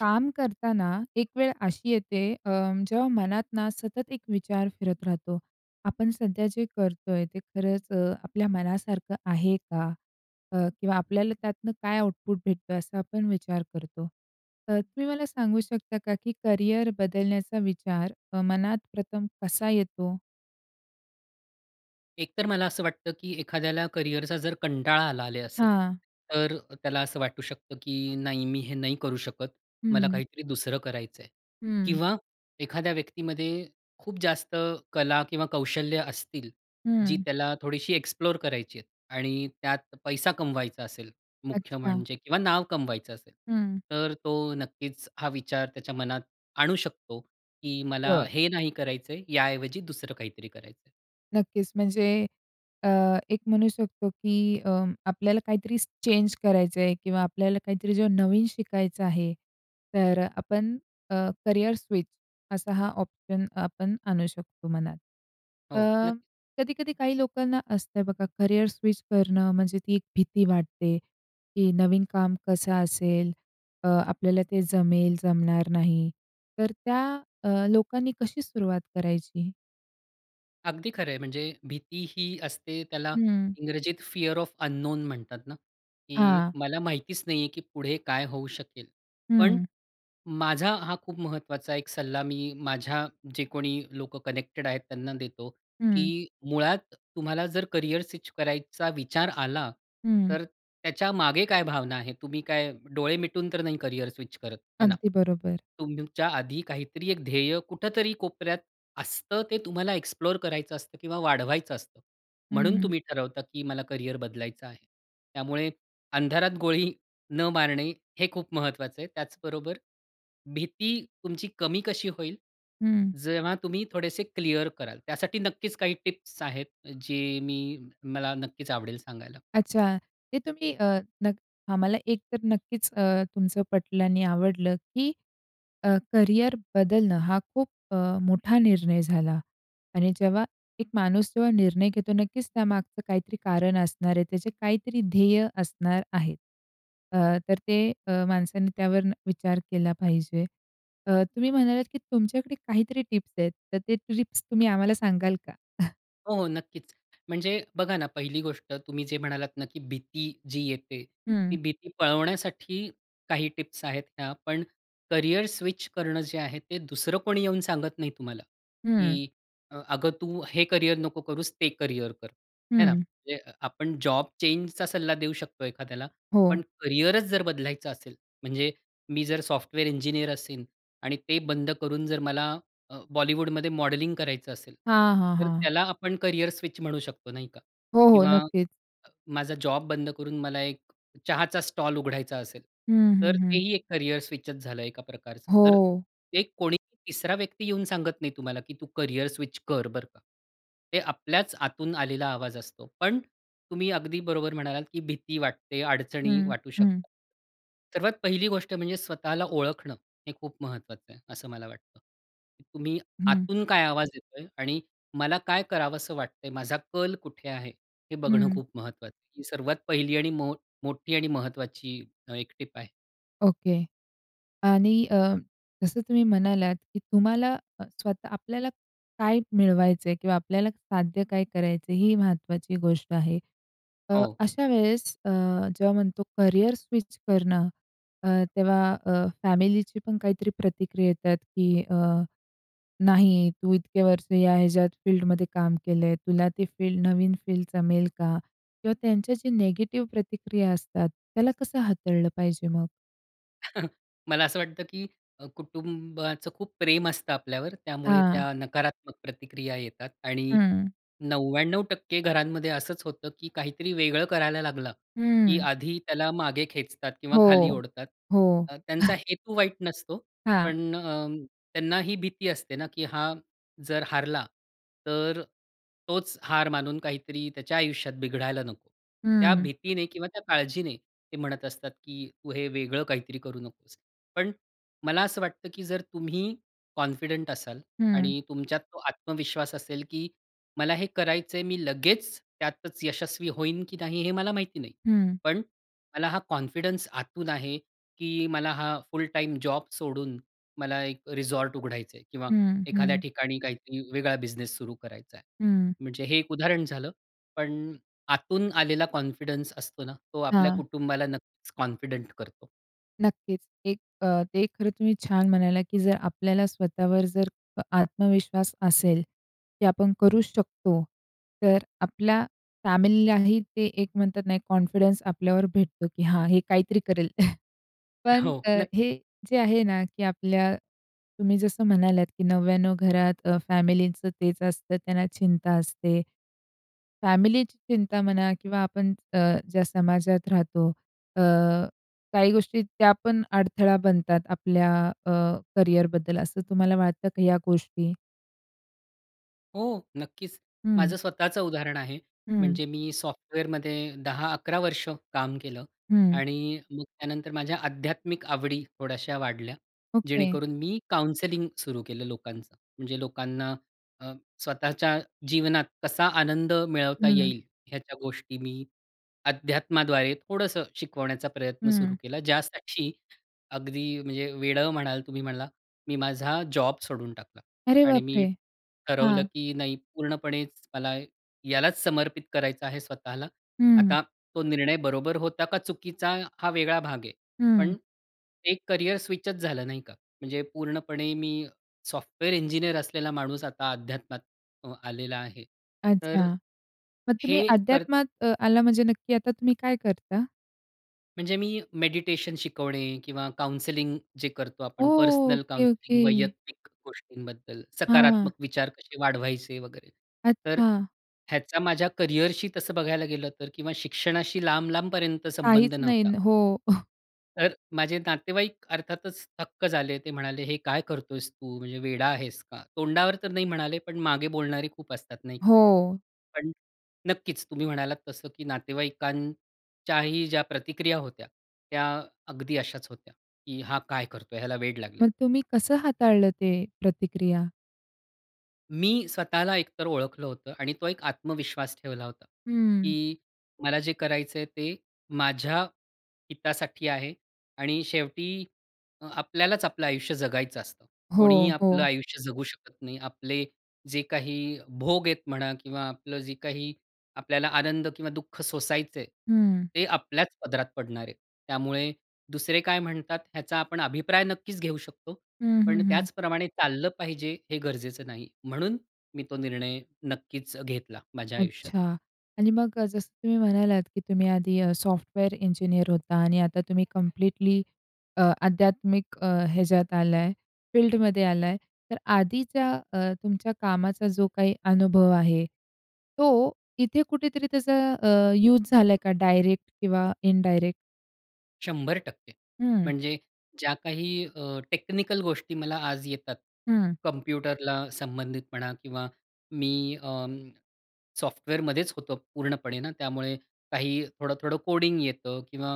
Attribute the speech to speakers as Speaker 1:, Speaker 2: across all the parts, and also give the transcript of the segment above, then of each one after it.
Speaker 1: काम करताना एक वेळ अशी येते अ, जेव्हा मनात ना सतत एक विचार फिरत राहतो. आपण सध्या जे करतोय, ते खरंच अ, आपल्या मनासारखं आहे का? अ, किंवा आपल्याला त्यातनं काय आउटपुट भेटतो असा आपण विचार करतो. तर तुम्ही मला सांगू शकता का, की करियर बदलण्याचा विचार अ, मनात प्रथम कसा येतो?
Speaker 2: एकतर मला असं वाटतं की एखाद्याला करियरचा जर कंटाळा आला ले असेल
Speaker 1: हां.
Speaker 2: तर त्याला असं वाटू शकतं की "नाही, मी हे नाही करू शकत. मला
Speaker 1: हं.
Speaker 2: काहीतरी दुसरं करायच आहे."
Speaker 1: हं.
Speaker 2: किंवा एखाद्या व्यक्तीमध्ये खूप जास्त कला किंवा कौशल्य असतील. जी
Speaker 1: हं.
Speaker 2: त्याला थोडीशी एक्सप्लोर करायची आहेत आणि त्यात पैसा कमवायचा असेल मुख्य
Speaker 1: अच्छा.
Speaker 2: म्हणजे किंवा नाव कमवायचं असेल.
Speaker 1: हं.
Speaker 2: तर तो नक्कीच हा विचार त्याच्या मनात आणू शकतो की "मला
Speaker 1: बरं.
Speaker 2: हे नाही करायच आहे, याऐवजी दुसरं काहीतरी करायच आहे."
Speaker 1: नक्कीच म्हणजे अ, एक म्हणू शकतो की अ, आपल्याला काहीतरी चेंज करायचं आहे किंवा आपल्याला काहीतरी जेव्हा नवीन शिकायचं आहे. तर अ, आपण अ, करियर स्विच असा हा ऑप्शन आपण आणू शकतो मनात. अ,
Speaker 2: हो नक्की.
Speaker 1: कधी-कधी काही लोकांना असतं बघा करियर स्विच करणं, म्हणजे ती एक भीती वाटते की नवीन काम कसं असेल? अ, आपल्याला ते जमेल, जमणार नाही. तर त्या अ, लोकांनी कशी सुरुवात करायची?
Speaker 2: अगदी खरं आहे. म्हणजे भीती ही असते त्याला
Speaker 1: हं.
Speaker 2: इंग्रजीत फिअर ऑफ अन्नोन म्हणतात ना? की
Speaker 1: हां.
Speaker 2: मला माहितीच नाही आहे की पुढे काय होऊ शकेल? पण
Speaker 1: हं.
Speaker 2: माझा हा खूप महत्वाचा एक सल्ला मी माझ्या जे कोणी लोकं कनेक्टेड आहेत त्यांना देतो. की
Speaker 1: हं.
Speaker 2: मुळात तुम्हाला जर करियर स्विच करायचा विचार आला,
Speaker 1: हं.
Speaker 2: तर त्याच्या मागे काय भावना आहे? तुम्ही काय डोळे मिटून तर नाही करियर स्विच करत, आहे ना?
Speaker 1: अगदी बरोबर.
Speaker 2: तुमच्या आधी काहीतरी एक ध्येय कुठेतरी कोपऱ्यात असतं, ते तुम्हाला एक्सप्लोर करायचं असतं किंवा वाढवायचं असतं.
Speaker 1: हं,
Speaker 2: म्हणून
Speaker 1: हं.
Speaker 2: तुम्ही ठरवता की मला करियर बदलायचं आहे. त्यामुळे अंधारात गोळी न मारणे हे खूप महत्वाचं आहे. त्याचबरोबर भीती तुमची कमी कशी होईल?
Speaker 1: हं.
Speaker 2: जेव्हा तुम्ही थोडेसे क्लिअर कराल. त्यासाठी नक्कीच काही टिप्स आहेत जे मी मला नक्कीच आवडेल सांगायला.
Speaker 1: अच्छा. ते तुम्ही अ, नक आम्हाला एक तर नक्कीच अ, तुमचं पटलं आणि आवडलं की अ, करियर बदलणं हा खूप अ, मोठा निर्णय झाला. आणि जेव्हा एक माणूस जेव्हा निर्णय घेतो नक्कीच त्यामागचं काहीतरी कारण असणार आहे. त्याचे काहीतरी ध्येय असणार आहे. अ, तर ते माणसाने त्यावर विचार केला पाहिजे. अ, तुम्ही म्हणालात की तुमच्याकडे काहीतरी टिप्स आहेत, तर ते टिप्स तुम्ही आम्हाला सांगाल का?
Speaker 2: हो, हो. नक्कीच. म्हणजे बघा ना, पहिली गोष्ट तुम्ही जे म्हणालात ना, की भीती जी येते
Speaker 1: हं.
Speaker 2: ती भीती पळवण्यासाठी काही टिप्स आहेत ह्या. पण करियर स्विच करणं जे आहे ते दुसरं कोणी येऊन सांगत नाही तुम्हाला.
Speaker 1: हं.
Speaker 2: की अ, अगं तू हे करियर नको करूस ते करियर कर. हे ना?
Speaker 1: हं.
Speaker 2: म्हणजे अ, आपण जॉब चेंजचा सल्ला देऊ शकतो एखाद्याला.
Speaker 1: हो.
Speaker 2: पण करियरच जर बदलायचं असेल, म्हणजे मी जर सॉफ्टवेअर इंजिनिअर असीन आणि ते बंद करून जर मला अ, बॉलिवूडमध्ये मॉडेलिंग करायचं असेल.
Speaker 1: हां, हां,
Speaker 2: तर
Speaker 1: हां.
Speaker 2: त्याला आपण करियर स्विच म्हणू शकतो नाही का?
Speaker 1: हो, हो,
Speaker 2: किंवा
Speaker 1: नक्कीच.
Speaker 2: माझा जॉब बंद करून मला एक चहाचा स्टॉल उघडायचा असेल,
Speaker 1: हं, हं,
Speaker 2: तर
Speaker 1: हं.
Speaker 2: तेही एक करियर स्विचच झालं एका प्रकारचं. तर
Speaker 1: हो.
Speaker 2: ते कोणीही तिसरा व्यक्ती येऊन सांगत नाही तुम्हाला, की तू करियर स्विच कर बरं का. ते आपल्याच आतून आलेला आवाज असतो. पण तुम्ही अगदी बरोबर म्हणालात, की भीती वाटते, अडचणी
Speaker 1: हं,
Speaker 2: वाटू
Speaker 1: हं.
Speaker 2: शकता. सर्वात पहिली गोष्ट म्हणजे स्वतःला ओळखणं हे खूप महत्वाचं आहे असं मला वाटतं. तुम्ही
Speaker 1: हं.
Speaker 2: आतून काय आवाज येतोय आणि मला काय करावंस वाटतंय? माझा कल कुठे आहे? हे बघणं
Speaker 1: हं.
Speaker 2: खूप महत्वाचं आहे. सर्वात पहिली आणि मो मोठी आणि महत्वाची अ, एक टिप आहे.
Speaker 1: ओके. आणि अ, जसं तुम्ही म्हणालात, की तुम्हाला अ, स्वतः आपल्याला काय मिळवायचं आहे किंवा आपल्याला साध्य काय करायचं आहे? ही महत्वाची गोष्ट आहे. तर
Speaker 2: हो.
Speaker 1: अशा वेळेस अ, जेव्हा म्हणतो करिअर स्विच करणं, अ, तेव्हा अ, फॅमिलीची पण काहीतरी प्रतिक्रिया येतात, की अ, नाही तू इतके वर्ष ह्या याच्यात फील्डमध्ये काम केलं आहे. तुला ती फील्ड नवीन फील्ड जमेल का? किंवा त्यांच्या जे निगेटिव्ह प्रतिक्रिया असतात. त्याला कसं हाताळलं पाहिजे मग?
Speaker 2: मला असं वाटतं, की अ, कुटुंबाचं खूप प्रेम असतं आपल्यावर. त्यामुळे
Speaker 1: हां.
Speaker 2: त्या नकारात्मक प्रतिक्रिया येतात आणि
Speaker 1: हं.
Speaker 2: 99% घरांमध्ये असंच होतं, की काहीतरी वेगळं करायला लागला, की
Speaker 1: हं.
Speaker 2: आधी त्याला मागे खेचतात किंवा खाली
Speaker 1: हो,
Speaker 2: ओढतात.
Speaker 1: हो.
Speaker 2: अ, त्यांचा हेतू वाईट नसतो.
Speaker 1: हां.
Speaker 2: पण अं, त्यांना ही भीती असते ना, की हा जर हारला, तर, तोच हार मानून काहीतरी त्याच्या आयुष्यात बिघडायला नको. त्या
Speaker 1: हं.
Speaker 2: भीतीने किंवा त्या काळजीने ते म्हणत असतात, की "तू हे वेगळं काहीतरी करू नकोस". पण मला असं वाटतं, की जर तुम्ही कॉन्फिडंट असाल
Speaker 1: हं.
Speaker 2: आणि तुमच्यात तो आत्मविश्वास असेल, की मला हे करायचं आहे. मी लगेचं त्यातचं यशस्वी होईन, की नाही हे मला माहिती नाही.
Speaker 1: हं.
Speaker 2: पण, मला हा कॉन्फिडन्स आतून आहे, की मला हा फुल टाईम जॉब सोडून मला एक रिसॉर्ट उघडायचं आहे किंवा
Speaker 1: हं,
Speaker 2: एखाद्या
Speaker 1: हं.
Speaker 2: ठिकाणी काहीतरी वेगळा बिझनेस सुरु करायचा आहे.
Speaker 1: हं.
Speaker 2: म्हणजे हे एक उदाहरण झालं. पण आतून आलेला कॉन्फिडन्स असतो ना, तो आपल्या
Speaker 1: हां.
Speaker 2: कुटुंबाला नक्कीचं कॉन्फिडंट करतो.
Speaker 1: नक्कीच. एक अ, ते खरं तुम्ही छान म्हणाला, की जर आपल्याला स्वतःवर जर आत्मविश्वास असेल, की आपण करूच शकतो. तर आपल्या फॅमिलीलाही ते एक म्हणतात नाही कॉन्फिडन्स आपल्यावर भेटतो, की "हां, हे काहीतरी करेल." पण
Speaker 2: हो.
Speaker 1: अ,
Speaker 2: नक्कीच.
Speaker 1: हे जे आहे ना, की आपल्या तुम्ही जसं म्हणालात, की "99 घरात अ, फॅमिलीचं तेच असतं त्यांना चिंता असते." फॅमिलीची चिंता म्हणा किंवा आपण अ, ज्या समाजात राहतो अ, काही गोष्टी त्यापण अडथळा बनतात आपल्या अ, करियरबद्दल असं तुम्हाला वाटतं का ह्या गोष्टी?
Speaker 2: हो. नक्कीच.
Speaker 1: हं.
Speaker 2: माझं स्वतःचं उदाहरण आहे.
Speaker 1: हं.
Speaker 2: म्हणजे मी सॉफ्टवेअरमध्ये 10-11 वर्ष काम केलं
Speaker 1: हं.
Speaker 2: आणि मग त्यानंतर माझ्या आध्यात्मिक आवडी थोड्याश्या वाढल्या.
Speaker 1: ओके.
Speaker 2: जेणेकरून मी काउन्सेलिंग सुरु केलं लोकांचं. म्हणजे लोकांना अ, स्वतःच्या जीवनात कसा आनंद मिळवता
Speaker 1: हं.
Speaker 2: येईल, ह्याच्या गोष्टी मी अध्यात्माद्वारे थोडंसं शिकवण्याचा प्रयत्न सुरू
Speaker 1: हं.
Speaker 2: केला. ज्या साठी अगदी म्हणजे वेडं म्हणाल तुम्ही मला मी माझा जॉब सोडून टाकला
Speaker 1: अरे
Speaker 2: आणि
Speaker 1: बाप
Speaker 2: मी
Speaker 1: रे!
Speaker 2: ठरवलं,
Speaker 1: हां.
Speaker 2: की नाही पूर्णपणेच मला यालाच समर्पित करायचं आहे स्वतःला.
Speaker 1: हं.
Speaker 2: आता तो निर्णय बरोबर होता का, चुकीचा हा वेगळा भाग आहे.
Speaker 1: हं.
Speaker 2: पण एक करियर स्विचच झालं नाही का? म्हणजे पूर्णपणे मी सॉफ्टवेअर इंजिनिअर असलेला माणूस आता अध्यात्मात अं, आलेला आहे. तर
Speaker 1: अच्छा. मग तुम्ही
Speaker 2: हे कर
Speaker 1: अध्यात्मात अ, आला म्हणजे नक्की आता तुम्ही काय करता?
Speaker 2: म्हणजे मी मेडिटेशन शिकवणे किंवा काउंसलिंग जे करतो
Speaker 1: ओ!
Speaker 2: आपण पर्सनल
Speaker 1: ओके,
Speaker 2: काउंसलिंग
Speaker 1: ओके.
Speaker 2: वैयक्तिक गोष्टींबद्दल
Speaker 1: हां.
Speaker 2: सकारात्मक विचार कसे वाढवायचे वगैरे. तर
Speaker 1: अच्छा.
Speaker 2: ह्याचा माझ्या करिअरशी तसं बघायला गेलं तर किंवा शिक्षणाशी लांब-लांबपर्यंत संबंध
Speaker 1: काहीच नाही
Speaker 2: नव्हता.
Speaker 1: न हो.
Speaker 2: तर, माझे नातेवाईक अर्थातच थक्क झाले. ते म्हणाले "हे काय करत आहेस तू?" म्हणजे, "वेडा आहेस का?" तोंडावर तर नाही म्हणाले पण मागे बोलणारे खूप असतात, नाही का?
Speaker 1: हो.
Speaker 2: पण नक्कीच तुम्ही म्हणालात तसं की नातेवाईकांच्याही ज्या प्रतिक्रिया होत्या. त्या अगदी अशाच होत्या, की "हा काय करत आहे? ह्याला वेड लागलं आहे."
Speaker 1: मग तुम्ही कसं हाताळलं ते प्रतिक्रिया?
Speaker 2: मी स्वतःला एक तर ओळखलं होतं आणि तो एक आत्मविश्वास ठेवला होता,
Speaker 1: हं.
Speaker 2: की मला जे करायचं आहे ते माझ्या हितासाठी आहे आणि शेवटी आपल्यालाच आपलं आयुष्य जगायचं असतं.
Speaker 1: हो,
Speaker 2: कोणीही आपलं
Speaker 1: हो.
Speaker 2: आयुष्य जगू शकत नाही. आपले जे काही भोग आहेत म्हणा किंवा आपलं जे काही आपल्याला आनंद किंवा दुःख सोसायचं आहे,
Speaker 1: हं.
Speaker 2: ते आपल्याच पदरात पडणार आहे. त्यामुळे दुसरे काय म्हणतात ह्याचा आपण अभिप्राय नक्कीच घेऊ शकतो.
Speaker 1: हं, हं,
Speaker 2: पण
Speaker 1: हं.
Speaker 2: त्याचप्रमाणे चाललं पाहिजे हे गरजेचं नाही. म्हणून मी तो निर्णय नक्कीच घेतला माझ्या आयुष्यात.
Speaker 1: अच्छा. आणि मग अ, जसं तुम्ही म्हणालात की तुम्ही आधी अ, सॉफ्टवेअर इंजिनिअर होता आणि आता तुम्ही कंप्लीटली अ, आध्यात्मिक अ, ह्याच्यात आला आहे फील्डमध्ये आला आहे. तर आधीच्या अ, तुमच्या कामाचा जो काही अनुभव आहे. तो इथे कुठेतरी त्याचा अ, यूज झाला आहे का डायरेक्ट किंवा इनडायरेक्ट?
Speaker 2: 100%
Speaker 1: हं.
Speaker 2: म्हणजे ज्या काही अ, टेक्निकल गोष्टी मला आज येतात,
Speaker 1: हं.
Speaker 2: कॉम्प्युटरला संबंधित म्हणा किंवा मी अ, सॉफ्टवेअरमध्येच होतो पूर्णपणे ना, त्यामुळे काही थोडं-थोडं कोडिंग येतं किंवा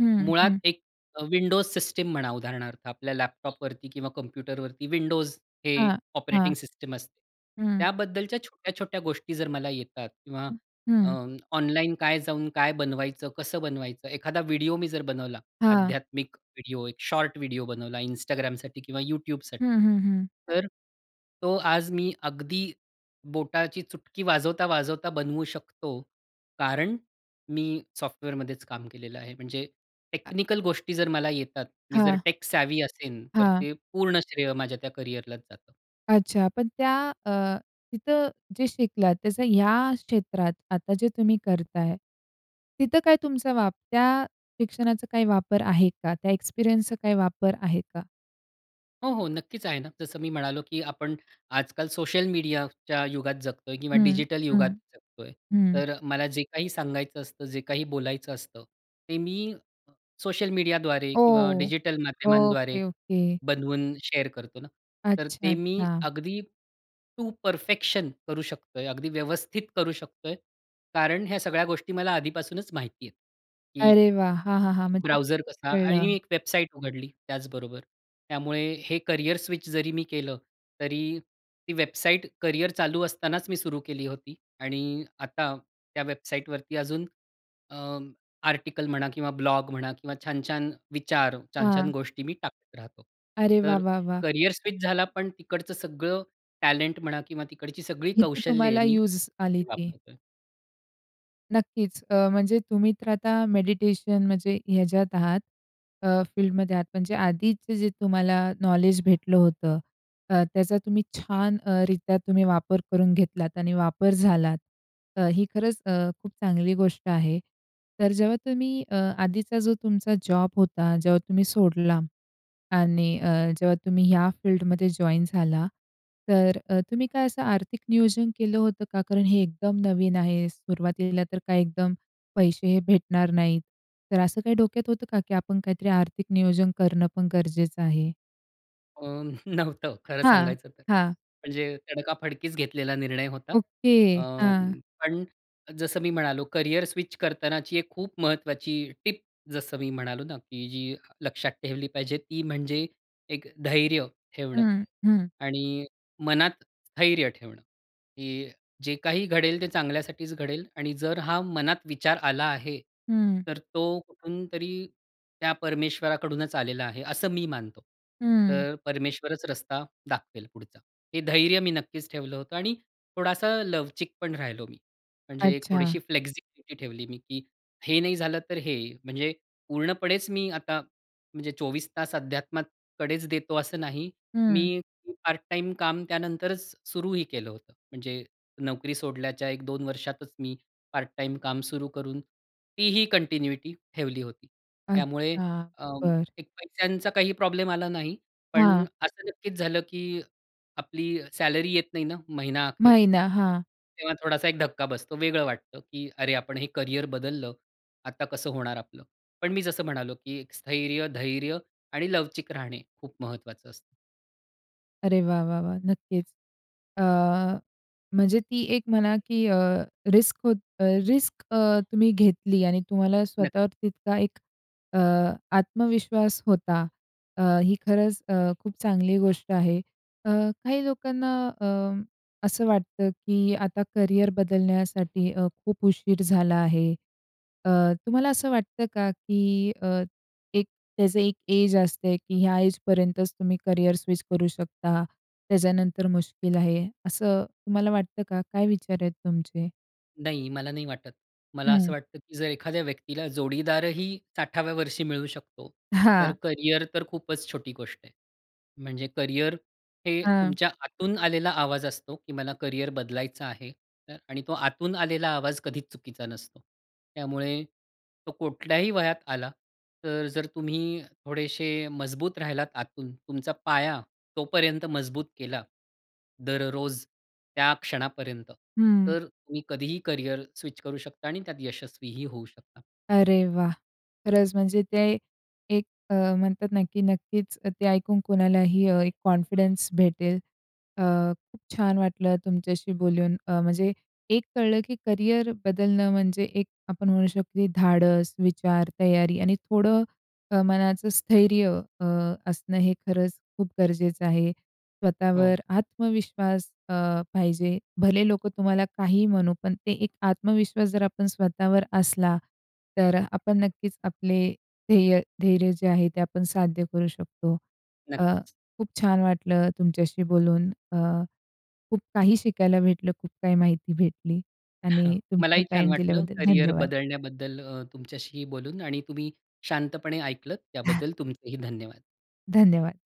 Speaker 1: हं,
Speaker 2: मुळात
Speaker 1: हं.
Speaker 2: एक अ, विंडोज सिस्टम म्हणा उदाहरणार्थ. आपल्या लॅपटॉपवरती किंवा कॉम्प्युटरवरती विंडोज हे
Speaker 1: हां. हां.
Speaker 2: ऑपरेटिंग सिस्टम असते.
Speaker 1: हं.
Speaker 2: त्याबद्दलच्या छोट्या-छोट्या गोष्टी जर मला येतात किंवा
Speaker 1: हं,
Speaker 2: अ,
Speaker 1: हं.
Speaker 2: ऑनलाईन काय जाऊन, काय बनवायचं? कसं बनवायचं? एखादा व्हिडिओ मी जर बनवला.
Speaker 1: हां.
Speaker 2: आध्यात्मिक व्हिडिओ, एक शॉर्ट व्हिडिओ बनवला Instgramसाठी किंवा
Speaker 1: हं,
Speaker 2: YouTubeसाठी.
Speaker 1: हं, हं.
Speaker 2: तर तो आज मी अगदी बोटाची चुटकी वाजवता-वाजवता बनवू शकतो. कारण मी सॉफ्टवेअरमध्येच काम केलेलं आहे. म्हणजे टेक्निकल गोष्टी जर मला येतात मी जर
Speaker 1: हां.
Speaker 2: टेक सॅव्ही असेन तर
Speaker 1: हां.
Speaker 2: ते पूर्ण श्रेय माझ्या ते करियरलाच जातं.
Speaker 1: अच्छा. पण त्या अ, तिथं जे शिकलात त्याचं ह्या क्षेत्रात, आता जे तुम्ही करताय. तिथं काय तुमचा वापर त्या शिक्षणाचा काय वापर आहे का? त्या एक्सपिरियन्सचा काही वापर आहे का?
Speaker 2: हो, हो. नक्कीचं आहे ना, जसं मी म्हणालो, की आपण आजकाल सोशल मीडियाच्या युगात जगतो आहे किंवा
Speaker 1: हं,
Speaker 2: डिजिटल
Speaker 1: हं,
Speaker 2: युगात जगतो आहे.
Speaker 1: हं.
Speaker 2: तर अ, मला जे काही सांगायचं असतं, जे काही बोलायचं असतं, ते मी अ, सोशल मीडियाद्वारे किंवा
Speaker 1: ओ!
Speaker 2: डिजिटल माध्यमांद्वारे
Speaker 1: ओके, ओके.
Speaker 2: बनवून शेअर करतो ना. तर
Speaker 1: अच्छा,
Speaker 2: ते मी
Speaker 1: अच्छा.
Speaker 2: अगदी टू परफेक्शन करू शकतोय, अगदी व्यवस्थित करू शकतोय. कारण ह्या सगळ्या गोष्टी मला आधीपासूनचं माहिती आहेत. की
Speaker 1: अरे वाह! हां, हां, हां. म्हणजे
Speaker 2: ...ब्राऊझर कसा आणि मी
Speaker 1: कळलं.
Speaker 2: एक वेबसाईट उघडली त्याचबरोबर. त्यामुळे हे करिअर स्विच जरी मी केलं, तरी ती वेबसाईट करिअर चालू असतानाचं मी सुरु केली होती. आणि आता त्या वेबसाईटवरती अजून अ, आर्टिकल म्हणा किंवा ब्लॉग म्हणा किंवा छान-छान विचार, छान-छान
Speaker 1: हां.
Speaker 2: गोष्टी मी टाकत राहतो.
Speaker 1: अरे वाह,
Speaker 2: तर
Speaker 1: वाह, वाह!
Speaker 2: करिअर स्विच झाला. पण तिकडचं सगळं टॅलेंट म्हणा किंवा तिकडची सगळी
Speaker 1: इथे
Speaker 2: कौशल्ये
Speaker 1: तुम्हाला
Speaker 2: मी
Speaker 1: युज आली ती.
Speaker 2: वापरतो आहे.
Speaker 1: नक्कीच. अ, म्हणजे तुम्ही तर आता मेडिटेशन म्हणजे, ह्याच्यात आहात अ, फील्डमध्ये आहात. म्हणजे आधीचे जे तुम्हाला नॉलेज भेटलं होतं अ, त्याचा तुम्ही छान अ, रित्या तुम्ही वापर करून घेतलात आणि वापर झाला. अ, ही खरंच अ, खूप चांगली गोष्ट आहे. तर जेव्हा तुम्ही अ, आधीचा जो तुमचा जॉब होता, जेव्हा तुम्ही सोडला आणि अ, जेव्हा तुम्ही ह्या फील्डमध्ये जॉइन झाला, तर अ, तुम्ही काय असं आर्थिक नियोजन केलं होतं का? कारण हे एकदम नवीन आहे. सुरुवातीला तर काय एकदम पैसे हे भेटणार नाहीत. तर असं काही डोक्यात होतं का, की आपण काहीतरी आर्थिक नियोजन करणं पण गरजेचं आहे?
Speaker 2: अं, नव्हतं खरं
Speaker 1: हां.
Speaker 2: सांगायचं तर.
Speaker 1: हां.
Speaker 2: म्हणजे तडकाफडकीच घेतलेला निर्णय होता.
Speaker 1: ओके. हां.
Speaker 2: अं, पण जसं मी म्हणालो करियर स्विच करतानाची एक खूप महत्वाची टिप जसं मी म्हणालो ना, की जी लक्षात ठेवली पाहिजे, ती म्हणजे एक धैर्य ठेवणं
Speaker 1: हं, हं.
Speaker 2: आणि मनात स्थैर्य ठेवणं, की जे काही घडेल ते चांगल्यासाठीच घडेल आणि जर हा मनात विचार आला आहे.
Speaker 1: हं.
Speaker 2: तर तो कुठूनतरी त्या परमेश्वराकडूनच आलेला आहे असं मी मानतो.
Speaker 1: हं.
Speaker 2: तर परमेश्वरच रस्ता दाखवेल पुढचा. हे धैर्य मी नक्कीच ठेवलं होतं आणि थोडासा लवचिक पण राहिलो मी. म्हणजे एक
Speaker 1: अच्छा.
Speaker 2: थोडीशी फ्लेक्सिबिलीटी ठेवली मी, की हे नाही झालं तर हे म्हणजे पूर्णपणेच मी आता म्हणजे 24 तास अध्यात्माकडेच देतो असं नाही.
Speaker 1: हं.
Speaker 2: मी पार्ट टाईम काम त्यानंतरच सुरूही केलं होतं. म्हणजे नोकरी सोडल्याच्या 1-2 वर्षातच मी पार्ट टाईम काम सुरू करून, तीही कंटिन्यूटी ठेवली होती. त्यामुळे
Speaker 1: अच्छा.
Speaker 2: अ,
Speaker 1: बरं.
Speaker 2: एक पैश्यांचा काही प्रॉब्लेम आला नाही. पण
Speaker 1: हां.
Speaker 2: असं नक्कीच झालं, की आपली सॅलरी येत नाही ना, महिना अखेर
Speaker 1: महिना. हां.
Speaker 2: तेव्हा थोडासा एक धक्का बसतो वेगळं वाटतं, की "अरे! आपण हे करियर बदललं, आता कसं होणार आपलं?" पण मी जसं म्हणालो, की "स्थैर्य, धैर्य आणि लवचिक राहणे खूप महत्वाचं असतं."
Speaker 1: अरे वाह! वाह! वाह! नक्कीच. अ, म्हणजे ती एक म्हणा, की अ, रिस्क होत रिस्क अ, तुम्ही घेतली आणि तुम्हाला
Speaker 2: नक्क
Speaker 1: स्वतःवर तितका एक अ, आत्मविश्वास होता. अ, ही खरंच अ, खूप चांगली गोष्ट आहे. अ, काही लोकांना अ, असं वाटतं, की आता करिअर बदलण्यासाठी अ, खूप उशीर झाला आहे. अ, तुम्हाला असं वाटतं का, की अ, एक त्याचं एक एज असते, की ह्या एजपर्यंतच तुम्ही करिअर स्विच करू शकता. त्याच्यानंतर मुश्किल आहे असं तुम्हाला वाटतं का? काय विचार आहेत तुमचे?
Speaker 2: नाही मला नाही वाटत. मला असं
Speaker 1: हं.
Speaker 2: वाटतं, की जर एखाद्या व्यक्तीला जोडीदारही 60व्या वर्षी मिळू शकतो. तर
Speaker 1: हां.
Speaker 2: करिअर तर खूपच छोटी गोष्ट आहे. म्हणजे करिअर हे
Speaker 1: हां
Speaker 2: तुमच्या आतून आलेला आवाज असतो, की मला करिअर बदलायचं आहे. तर आणि तो आतून आलेला आवाज कधीच चुकीचा नसतो. त्यामुळे, तो कुठल्याही वयात आला तर जर तुम्ही थोडेशे मजबूत राहिलात आतून, तुमचा पाया तोपर्यंत मजबूत केला दररोज त्या क्षणापर्यंत,
Speaker 1: हं.
Speaker 2: तर तुम्ही कधीही करिअर स्विच करू शकता आणि त्यात यशस्वीही होऊ शकता.
Speaker 1: अरे वाह! खरंच म्हणजे ते एक अ, म्हणतात ना, की नक्कीच ते ऐकून कोणालाही अ, एक कॉन्फिडन्स भेटेल. अ, खूप छान वाटलं तुमच्याशी बोलून अ, म्हणजे एक कळलं, की करिअर बदलणं म्हणजे एक आपण म्हणू शकतो धाडस, विचार, तयारी आणि थोडं अ, मनाचं स्थैर्य अ, असणं हे खरंच खूप गरजेचं आहे.
Speaker 2: हो.
Speaker 1: स्वतःवर आत्मविश्वास अ, पाहिजे. भले लोकं तुम्हाला काहीही म्हणू पण ते एक आत्मविश्वास जर आपण स्वतःवर असला. तर आपण नक्कीच आपले ध्येय धैर्य जे आहे ते आपण साध्य करू शकतो. अ,
Speaker 2: नक्कीच.
Speaker 1: खूप छान वाटलं तुमच्याशी बोलून. अ, खूप काही शिकायला भेटलं. खूप काही माहिती भेटली आणि तुमचा
Speaker 2: मलाही छान
Speaker 1: टाईम
Speaker 2: वाटलं
Speaker 1: दिल्याबद्दल
Speaker 2: करिअर
Speaker 1: धन्यवाद.
Speaker 2: बदलण्याबद्दल अ, तुमच्याशी बोलून आणि तुम्ही शांतपणे ऐकलंत. त्याबद्दल तुमचेही धन्यवाद.
Speaker 1: धन्यवाद.